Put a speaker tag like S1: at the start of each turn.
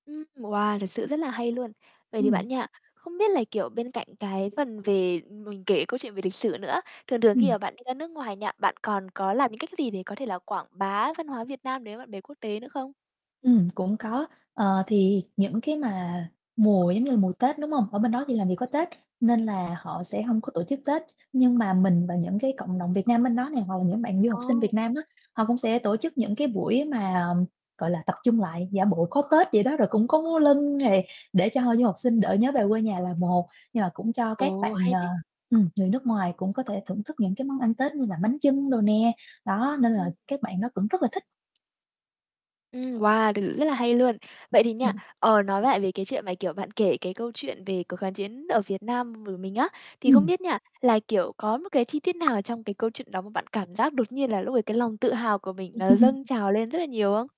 S1: Ưm, wow, thật sự rất là hay luôn. Vậy thì
S2: Ừm.
S1: bạn nha, không biết là, kiểu, bên cạnh cái phần về mình kể câu chuyện về lịch sử nữa, thường thường khi
S2: Ừm.
S1: mà bạn đi ra nước ngoài nha, bạn còn có làm những cách gì để có thể là quảng bá văn hóa Việt Nam đến với bạn bè quốc tế nữa không?
S2: Ừm, cũng có. Ờ, thì những cái mà mùa, giống như là, mùa Tết, đúng hông? Ở bên đó thì làm gì có Tết nên là họ sẽ hông có tổ chức Tết, nhưng mà mình và những cái cộng đồng Việt Nam bên đó nè hoặc là những bạn du học sinh
S1: Ồ.
S2: Việt Nam á, họ cũng sẽ tổ chức những cái buổi mà, gọi là, tập trung lại giả bộ có Tết vậy đó. Rồi cũng có múa lân này để cho hội du học sinh đỡ nhớ về quê nhà là một, nhưng mà cũng cho các
S1: Ồ,
S2: bạn,
S1: hay
S2: ờ,
S1: đấy.
S2: ừm, người nước ngoài cũng có thể thưởng thức những cái món ăn Tết như là bánh chưng đồ nè, đó nên là
S1: Ừm.
S2: các bạn đó cũng rất là thích.
S1: Ừm, wow, t rất là hay luôn. Vậy thì nha,
S2: Ừm.
S1: ờ, nói lại về cái chuyện mà, kiểu, bạn kể cái câu chuyện về cuộc kháng chiến ở Việt Nam v mình á, thì không
S2: Ừm.
S1: biết nha là, kiểu, có một cái chi tiết nào trong cái câu chuyện đó mà bạn cảm giác đột nhiên là lúc đấy cái lòng tự hào của mình nó dâng trào lên rất là nhiều không?